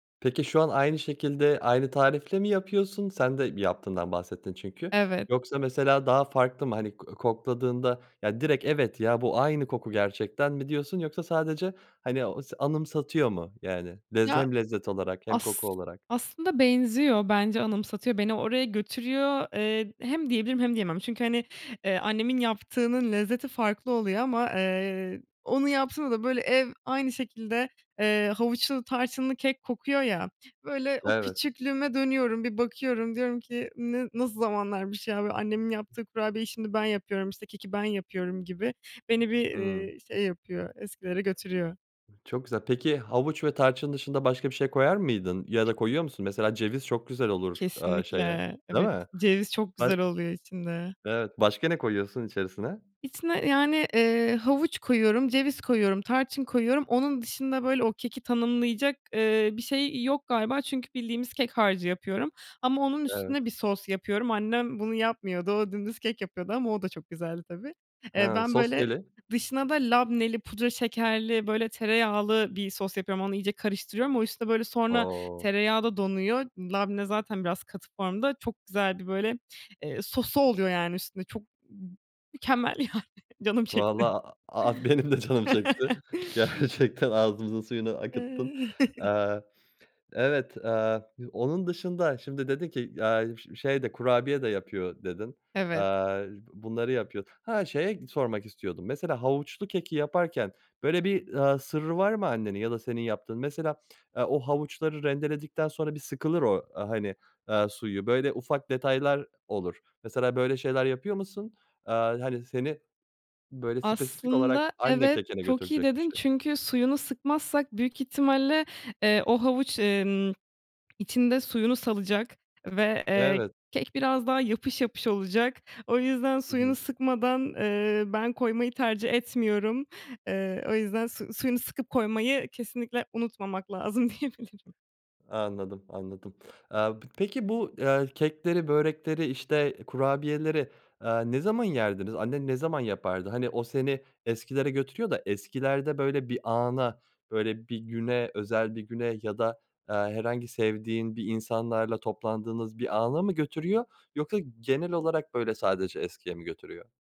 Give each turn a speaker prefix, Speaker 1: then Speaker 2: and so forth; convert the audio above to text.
Speaker 1: Peki, şu an aynı şekilde, aynı tarifle mi yapıyorsun? Sen de yaptığından bahsettin çünkü.
Speaker 2: Evet.
Speaker 1: Yoksa, mesela, daha farklı mı? Hani, ko kokladığında ya direkt, "Evet ya, bu aynı koku gerçekten." mi diyorsun, yoksa sadece, hani, anıs anımsatıyor mu? Yani, lez
Speaker 2: Ya,
Speaker 1: hem lezzet olarak hem koku
Speaker 2: as
Speaker 1: olarak.
Speaker 2: aslında benziyor. Bence anımsatıyor, beni oraya götürüyor. Eee, hem diyebilirim hem diyemem. Çünkü, hani, eee, annemin yaptığının lezzeti farklı oluyor ama, eee, onun yaptığını da böyle ev aynı şekilde, eee, havuçlu, tarçınlı kek kokuyor, ya. Böyle, o
Speaker 1: Evet.
Speaker 2: küçüklüğüme dönüyorum. Bir bakıyorum, diyorum ki, "N ne, nasıl zamanlarmış ya?" Böyle, annemin yaptığı kurabiyeyi şimdi ben yapıyorum, işte keki ben yapıyorum gibi. Beni bir,
Speaker 1: Hıı.
Speaker 2: ııı, şey yapıyor, eskilere götürüyor.
Speaker 1: Çok güzel. Peki, havuç ve tarçın dışında başka bir şey koyar mıydın ya da koyuyor musun, mesela, ceviz çok güzel olur, aaa, şeye,
Speaker 2: Kesinlikle.
Speaker 1: değil
Speaker 2: Evet,
Speaker 1: mi?
Speaker 2: ceviz çok
Speaker 1: Ha
Speaker 2: güzel oluyor içinde.
Speaker 1: Evet. Başka ne koyuyorsun içerisine?
Speaker 2: İçine, yani, eee, havuç koyuyorum, ceviz koyuyorum, tarçın koyuyorum. Onun dışında, böyle, o keki tanımlayacak, eee, bir şey yok galiba. Çünkü bildiğimiz kek harcı yapıyorum ama onun
Speaker 1: Evet.
Speaker 2: üstüne bir sos yapıyorum. Annem bunu yapmıyordu. O dümdüz kek yapıyordu ama o da güzeldi tabii. Eee,
Speaker 1: Ha,
Speaker 2: ben
Speaker 1: sos
Speaker 2: böyle
Speaker 1: neyli?
Speaker 2: dışına da labneli, pudra şekerli, böyle tereyağlı bir sos yapıyorum. Onu iyice karıştırıyorum. O, işte, böyle, sonra
Speaker 1: O!
Speaker 2: tereyağı da donuyor. Labne zaten biraz katı formda, çok güzeldi. Eee, böyle sosu oluyor, yani, üstünde. Çok m mükemmel, yani, canım çekti.
Speaker 1: Vallahi a a benim de canım çekti, gerçekten. Ağzımızın suyunu akıttın. Aaa, evet, aaa, onun dışında şimdi dedin ki, "Aaa, ş şey de, kurabiye de yapıyor." dedin.
Speaker 2: Evet.
Speaker 1: Aaa, bunları yapıyor. Ha, şeye sormak istiyordum. Mesela, havuçlu keki yaparken böyle bir, aaa, sırrı var mı annenin ya da senin yaptığın? Mesela, aaa, o havuçları rendeledikten sonra bir sıkılır o, aaa, hani, suyu. Böyle ufak detaylar olur, mesela. Böyle şeyler yapıyor musun? Aaa, hani, seni, böyle, spesifik
Speaker 2: Aslında
Speaker 1: olarak anne
Speaker 2: evet,
Speaker 1: kekine
Speaker 2: çok iyi
Speaker 1: götürecek bir
Speaker 2: dedin.
Speaker 1: şey.
Speaker 2: Çünkü suyunu sıkmazsak büyük ihtimalle, eee, o havuç, emm, içinde suyunu salacak ve, eee,
Speaker 1: Evet.
Speaker 2: kek biraz daha yapış yapış olacak. O yüzden
Speaker 1: Hı
Speaker 2: suyunu
Speaker 1: hı.
Speaker 2: sıkmadan, eee, ben koymayı tercih etmiyorum. Eee, o yüzden su suyunu sıkıp koymayı kesinlikle unutmamak lazım diyebilirim.
Speaker 1: Anladım, anladım. Aaa, p peki, bu kekleri, börekleri, işte, kurabiyeleri, aaa, ne zaman yerdiniz? Annen ne zaman yapardı? Hani, o seni eskilere götürüyor da eskilerde, böyle, bir ana, böyle, bir güne, özel bir güne ya da, aaa, herhangi sevdiğin insanlarla toplandığınız bir ana mı götürüyor, yoksa genel olarak böyle sadece eskiye mi götürüyor?